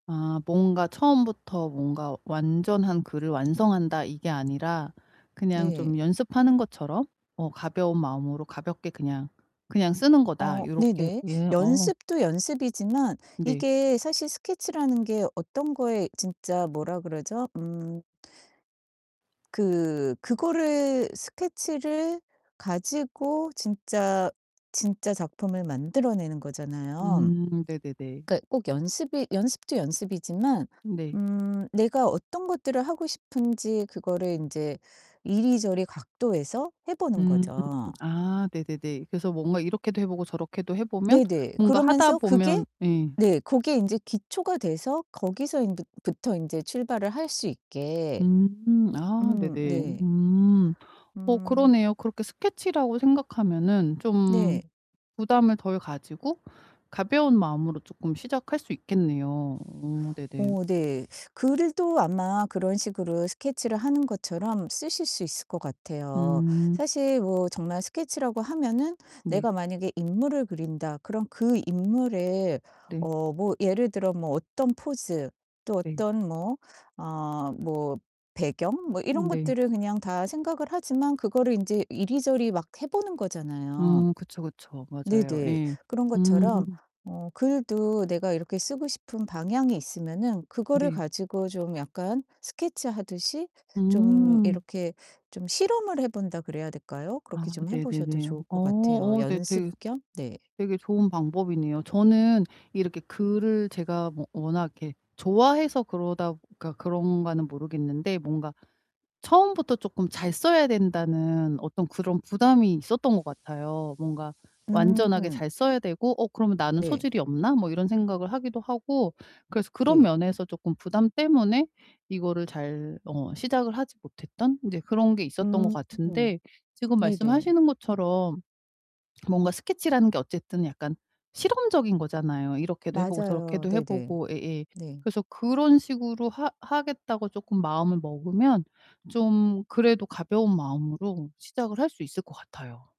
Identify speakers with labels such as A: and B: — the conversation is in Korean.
A: 아 뭔가 '처음부터 뭔가 완전한 글을 완성한다.' 이게 아니라 '그냥
B: 네.
A: 좀 연습하는 것처럼 어 가벼운 마음으로 가볍게 그냥 그냥 쓰는 거다.'
B: 어
A: 요렇게
B: 네네.
A: 예 어.
B: 연습도 연습이지만
A: 네.
B: 이게 사실 스케치라는 게 어떤 거에 진짜 뭐라 그러죠? 음. 그 그거를 스케치를 가지고 진짜, 진짜 작품을 만들어 내는 거잖아요.
A: 음 네네네.
B: 그러니까 꼭 연습이 연습도 연습이지만
A: 네.
B: 음 내가 어떤 것들을 하고 싶은지 그거를 인제 이리저리 각도에서 해 보는
A: 음.
B: 거죠.
A: 아 네네네. 그래서 뭔가 이렇게도 해 보고 저렇게도 해 보면
B: 네네.
A: 뭔가 하다
B: 그러면서 그게
A: 보면 예.
B: 네. 고게 인제 기초가 돼서 거기서 인 부 부터 인제 출발을 할 수 있게.
A: 음. 아
B: 음 음
A: 네네.
B: 네.
A: 음. 어
B: 음
A: 그러네요. 그렇게 스케치라고 생각하면은 좀
B: 네.
A: 부담을 덜 가지고 가벼운 마음으로 쪼끔 시작할 수 있겠네요. 어 네네.
B: 어 네. 글도 아마 그런 식으로 스케치를 하는 것처럼 쓰실 수 있을 것 같아요.
A: 음.
B: 사실 뭐 정말 스케치라고 하면은
A: 네.
B: 내가 만약에 '인물을 그린다.' 그럼 그 인물의
A: 네.
B: 어 뭐 예를 들어 뭐 어떤 포즈 또
A: 네.
B: 어떤 뭐 어 뭐 배경 뭐 이런
A: 음 네.
B: 것들을 그냥 다 생각을 하지만 그거를 인제 이리저리 막 해 보는 거잖아요.
A: 음 그쵸, 그쵸. 맞아요.
B: 네네.
A: 예.
B: 그런
A: 음.
B: 것처럼 어 글도 내가 이렇게 쓰고 싶은 방향이 있으면은 그거를
A: 네.
B: 가지고 좀 약간 스케치 하듯이 좀
A: 음.
B: 이렇게 좀 실험을 해 본다 그래야 될까요?
A: 아
B: 그렇게 좀 해 보셔도
A: 네네네.
B: 좋을
A: 어
B: 것 같아요.
A: 어 네.
B: 연습
A: 되게
B: 겸? 네.
A: 되게 좋은 방법이네요. 저는 이렇게 글을 제가 뭐 워낙 이렇게 좋아해서 그러다 그러니까 그런가는 모르겠는데 뭔가 처음부터 쪼끔 잘 써야 된다는 어떤 그런 부담이 있었던 것 같아요. 뭔가 완전하게
B: 음
A: 잘 써야 되고 '어 그러면 나는
B: 네.
A: 소질이 없나?' 뭐 이런 생각을 하기도 하고 그래서 그런
B: 네.
A: 면에서 쪼끔 부담 때문에 이거를 잘 어 시작을 하지 못했던 인제 그런 게
B: 음
A: 있었던 것 같은데 지금
B: 네네.
A: 말씀하시는 것처럼 뭔가 스케치라는 게 어쨌든 약간 실험적인 거잖아요. 이렇게도 해 보고
B: 맞아요.
A: 저렇게도 해
B: 네네.
A: 보고 예예
B: 네.
A: 그래서 그런 식으로 하 하겠다고 쪼끔 마음을 먹으면 좀 그래도 가벼운 마음으로 시작을 할 수 있을 것 같아요.